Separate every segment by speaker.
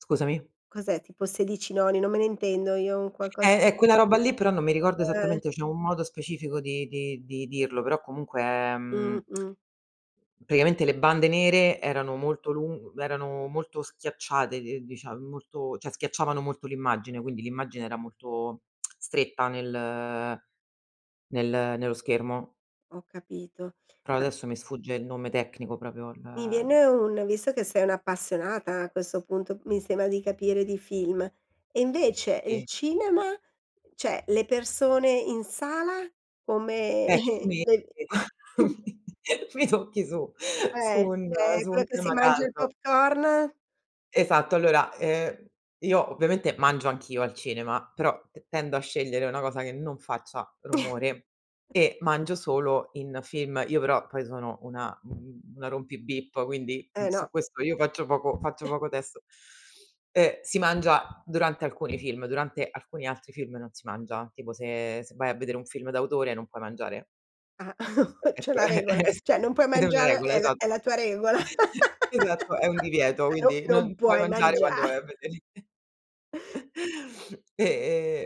Speaker 1: Scusami?
Speaker 2: Cos'è tipo 16:9? Non me ne intendo, io un qualco
Speaker 1: Eh, è quella roba lì, però non mi ricordo
Speaker 2: Uhm
Speaker 1: esattamente, c'è un modo specifico di di di dirlo, però comunque è, mhmm,
Speaker 2: Mh-mh.
Speaker 1: praticamente le bande nere erano molto lun erano molto schiacciate d dicia molto cioè schiacciavano molto l'immagine, quindi l'immagine era molto stretta nel nel nello schermo.
Speaker 2: Ho capito,
Speaker 1: Però
Speaker 2: ma
Speaker 1: adesso mi sfugge il nome tecnico proprio il
Speaker 2: Mi viene un visto che sei un'appassionata a questo punto, mi sembra di capire, di film, e invece il
Speaker 1: Sì.
Speaker 2: cinema? Cioè le persone in sala? Come
Speaker 1: Eh, qui mi
Speaker 2: le
Speaker 1: mi mi tocchi su su
Speaker 2: Eh,
Speaker 1: un
Speaker 2: eh
Speaker 1: su
Speaker 2: quello
Speaker 1: un
Speaker 2: che si
Speaker 1: tema
Speaker 2: mangia il
Speaker 1: caldo.
Speaker 2: popcorn.
Speaker 1: Esatto, allora, ehm, io ovviamente mangio anch'io al cinema, però t tendo a scegliere una cosa che non faccia rumore e mangio solo in film, io però poi sono una, mhmm, una rompi-bip, quindi, mhmm,
Speaker 2: Eh
Speaker 1: su
Speaker 2: no.
Speaker 1: questo io faccio poco faccio poco testo. E si mangia durante alcuni film, durante alcuni altri film non si mangia, tipo se se vai a vedere un film d'autore non puoi mangiare.
Speaker 2: Ah
Speaker 1: E
Speaker 2: c'è
Speaker 1: ecco,
Speaker 2: la
Speaker 1: è
Speaker 2: regola.
Speaker 1: è s
Speaker 2: Cioè non puoi
Speaker 1: è una
Speaker 2: mangiare
Speaker 1: regola,
Speaker 2: è la è
Speaker 1: esatto.
Speaker 2: la tua regola?
Speaker 1: Esatto, è un divieto,
Speaker 2: No
Speaker 1: quindi
Speaker 2: non
Speaker 1: non puoi
Speaker 2: puoi
Speaker 1: mangiare
Speaker 2: mangia
Speaker 1: quando vai a vedere. E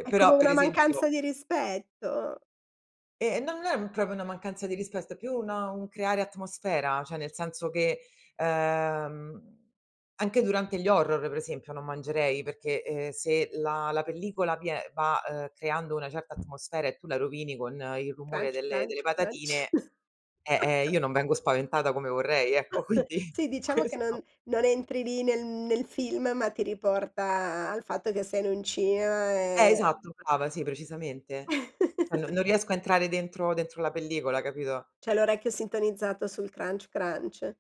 Speaker 1: e
Speaker 2: È come
Speaker 1: però per
Speaker 2: una
Speaker 1: esempio
Speaker 2: mancanza di rispetto.
Speaker 1: Eh no, non è m proprio una mancanza di rispetto, è più un un creare atmosfera, cioè nel senso che, ehm, anche durante gli horror, pre esempio, non mangerei, perché, ehm, se la la pellicola vie va, uhm, creando una certa atmosfera e tu la rovini con il rumore
Speaker 2: "Crunch,
Speaker 1: delle delle
Speaker 2: crunch, crunch".
Speaker 1: patatine eh, eh, io non vengo spaventata come vorrei, ecco, quindi
Speaker 2: Sì, diciamo che non
Speaker 1: questo.
Speaker 2: non entri lì nel nel film, ma ti riporta al fatto che sei in un cinema
Speaker 1: Eh,
Speaker 2: e
Speaker 1: esatto, brava, sì, precisamente. Cioè no non riesco a entrare dentro dentro la pellicola, capito?
Speaker 2: C'hai l'orecchio sintonizzato sul "crunch, crunch".